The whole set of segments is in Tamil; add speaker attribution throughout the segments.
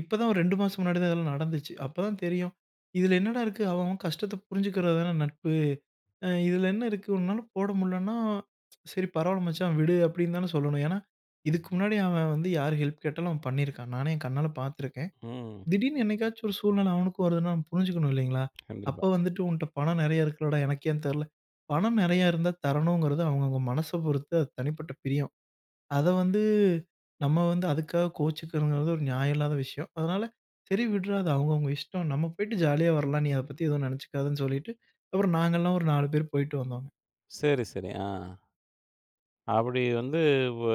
Speaker 1: இப்பதான் ஒரு 2 மாசம் முன்னாடி தான் இதெல்லாம் நடந்துச்சு. அப்ப தான் தெரியும், இதில என்னடா இருக்கு. அவன், அவன் கஷ்டத்த புரிஞ்சுக்கிறது தானே நட்பு. அ இதில என்ன இருக்கு, உன்னால போட முடியலன்னா, சரி. பரவாயில்ல மச்சான் விடு! அப்பிடின்னு தானே சொல்லணும். ஏன்னா, இதுக்கு முன்னாடி அவன் வந்து யார் ஹெல்ப் கேட்டாலும் அவன் பண்ணியிருக்கான். நானே, என் கண்ணால பார்த்துருக்கேன்.
Speaker 2: ம்.
Speaker 1: திடீர்னு என்னைக்காச்சும் ஒரு சூழ்நில அவனுக்கும் வருதுன்னா புரிஞ்சுக்கணும் இல்லேங்களா! அப்போ
Speaker 2: கண்டிப்பா.
Speaker 1: வந்துட்டு உன்ட்ட பணம் நிறையா இருக்குலடா! எனக்கு ஏன் தரல, பணம் நிறையா இருந்தா தரணுங்கிறது அவுங்கவுங்க மனச பொறுத்து அது தனிப்பட்ட பிரியம். அத வந்து, நம்ம வந்து அதுக்காக கோவிச்சுக்கணுங்கிறது ஒரு நியாயம் இல்லாத விஷயம். அதனால சரி விட்றா! அது அவுங்க அவுங்க இஷ்டம். நம்ம போயிட்டு ஜாலியா வரலாம். நீ அத பத்தி எதுவும் நினைச்சிக்காதன்னு சொல்லிட்டு அப்புறம் நாங்கலாம் ஒரு 4 பேரு போயிட்டு வந்தோம்.
Speaker 2: சரி, சரி. ஆ, அப்பிடி வந்து, வ்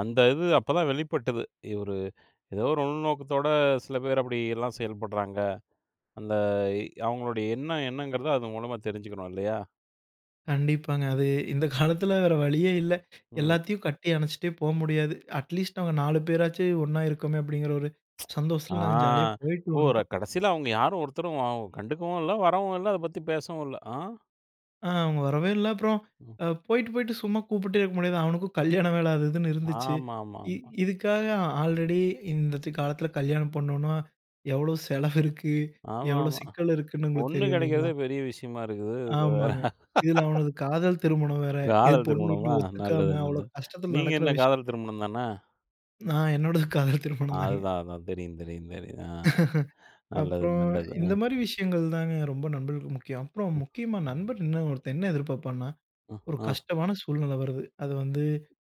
Speaker 2: அந்த இது அப்ப தான் வெளிப்பட்டது. ஒரு ஏதோ ஒரு உள்நோக்கத்தோட சில பேர் அப்பிடி எல்லாம் செயல்படுறாங்க. அந்த அவுங்களுடைய எண்ணம் என்னங்கிறத அது மூலமா தெரிஞ்சுக்கணும், இல்லயா!
Speaker 1: கண்டிப்பாங்க. அது இந்த காலத்தில வேற வழியே இல்ல.
Speaker 2: ம்.
Speaker 1: எல்லாத்தையும் கட்டி அணைச்சுட்டே போ முடியாது. அட்லீஸ்ட் நாங்க 4 பேராச்சு ஒன்னா இருக்கோமே! அப்பிடிங்கிற ஒரு
Speaker 2: ஆ,
Speaker 1: சந்தோஷத்தில நாங்க ஜாலியா போயிட்டு
Speaker 2: ஓ!
Speaker 1: வந்துட்டோம்.
Speaker 2: கடைசியில அவுங்க யாரும் ஒருத்தரும் ஆவ் கண்டுக்கவும் இல்ல, வரவும் இல்ல. அத பத்தி பேசவும் இல்ல. அ.
Speaker 1: ஆ, அவுங்க வரவே இல்ல, அப்புறம், அ போயிட்டு, போய்ட்டு சும்மா கூப்பிட்டே இருக்க முடியாது. அவனுக்கும் கல்யாண வேல அது இதுன்னு இருந்துச்சு. இ
Speaker 2: ஆமாமாமா.
Speaker 1: இதுக்காக, ஆல்ரெடி இந்தத்த காலத்தில கல்யாணம் பண்ணணுன்னா, எவ்ளோ செலவு இருக்கு எவ்ளோ
Speaker 2: ஆமாமா.
Speaker 1: சிக்கல் இருக்குன்னு உங்களுக்கு
Speaker 2: பொண்ணு
Speaker 1: தெரியும் இல்லேங்களா!
Speaker 2: கிடைக்கிறதே பெரிய விஷயமா இருக்குது. இதில வேற
Speaker 1: ஆமாங்க. இதில அவனது காதல் திருமணம் வேற. ஏ
Speaker 2: காதல்
Speaker 1: பொண்ணு வீட்ல
Speaker 2: திருமணமா, நல்லது
Speaker 1: ஒத்துக்காம அவ்ளோ
Speaker 2: நல்லது.
Speaker 1: கஷ்டத்தில
Speaker 2: நீங்க
Speaker 1: நடக்கிற
Speaker 2: என்ன
Speaker 1: விஷயம்.
Speaker 2: காதல் திருமணம் தானே!
Speaker 1: நான், என்னோடது காதல் திருமணம் தாங்க.
Speaker 2: அதுதான், அதுதான், தெரியும், தெரியும், தெரியும். அ நல்லது,
Speaker 1: அப்புறம்,
Speaker 2: நல்லது, அ.
Speaker 1: இந்தமாரி விஷயங்கள் தாங்க ரொம்ப நண்பர்களுக்கு முக்கியம். அப்புறம் முக்கியமா நண்பர் என்ன ஒருத்தன் என்ன எதிர்பார்ப்பான்னா,
Speaker 2: அ,
Speaker 1: ஒரு
Speaker 2: ஆ.
Speaker 1: கஷ்டமான சூழ்நிலை வருது, அது வந்து,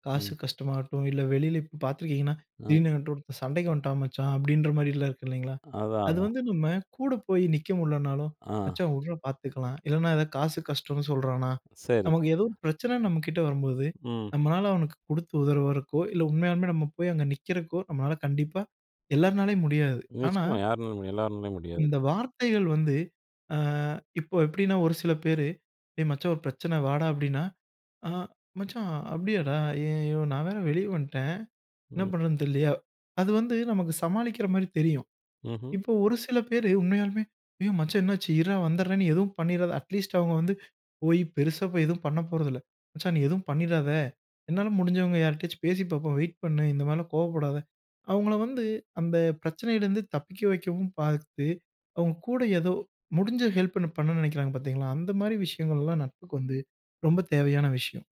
Speaker 1: காசு
Speaker 2: ம்.
Speaker 1: கஷ்டமாகட்டும், இல்ல வெளில இப்ப பார்த்துருக்கீங்கன்னா,
Speaker 2: அ.
Speaker 1: திடீர்னு என்கிட்ட ஒருத்தன் சண்டைக்கு வந்துட்டான் மச்சான், அப்பிடின்ற மாரிலாம் இருக்கு இல்டவேங்களா!
Speaker 2: அதான்,
Speaker 1: அது
Speaker 2: அதான்.
Speaker 1: வந்து நம்ம கூட போய் நிற்க முடியலனாலும்,
Speaker 2: ஆ.
Speaker 1: மச்சான் வுட்றா பார்த்துக்கலாம், இல்லன்னா எதாவது காசு கஷ்டன்னு சொல்றானா!
Speaker 2: சரி.
Speaker 1: நமக்கு ஏதோ ஒரு பிரச்சனை நம்மக்கிட்ட வரும்போது
Speaker 2: ம்.
Speaker 1: நம்மளால அவனுக்கு கொடுத்து உதவுறதுக்கோ! இல்ல உண்மையாலுமே நம்ம போய் அங்க நிற்கிறக்கோ! நம்மளால கண்டிப்பா எல்லார்னாலயும் முடியாது. ஆனா
Speaker 2: நிச்சயமா யார்னாலும் எல்லார்னாலயும் முடியாது.
Speaker 1: இந்த வார்த்தைகள் வந்து, ஆ இப்போ எப்பிடின்னா ஒரு சில பேரு, ஏய் மச்சான்! ஒரு பிரச்சனை வாடா, அப்பிடின்னா, ஆ! மச்சான் அப்பிடியாடா, ஐய்யயோ! நான் வேற வெளியே வந்ட்டேன். என்ன
Speaker 2: ம்.
Speaker 1: பண்றது தெரியலயே! அது வந்து நமக்கு சமாளிக்கிறமாரி தெரியும்.
Speaker 2: ம்ஹ்ம்.
Speaker 1: இப்போ ஒரு சில பேர் உண்மையாலுமே, ஐயோ! மச்சான் என்னாச்சு, இருடா! வந்துர்றேன்னு நீ எதுவும் பண்ணிறாத! அட்லீஸ்ட் அவுங்க வந்து போய் பெருசா போய் எதுவும் பண்ண போறதில்ல, மச்சான் நீ எதுவும் பண்ணிறாத! என்னால முடிஞ்சவுங்க யார்கிட்டயாச்சும் பேசி பார்ப்போம் வெயிட் பண்ணு! இந்த மாரிலாம் கோவப்படாத! அவுங்கள வந்து அந்த பிரச்சனையிலிருந்து தப்பிக்க வைக்கவும் பார்த்து, அவுங்க கூட ஏதோ முடிஞ்ச ஹெல்ப்ப பண்ணணுன்னு நினைக்கிறாங்க பார்த்தீங்களா! அந்தமாரி விஷயங்கள்லாம் நட்புக்கு வந்து ரொம்ப தேவையான விஷயம்.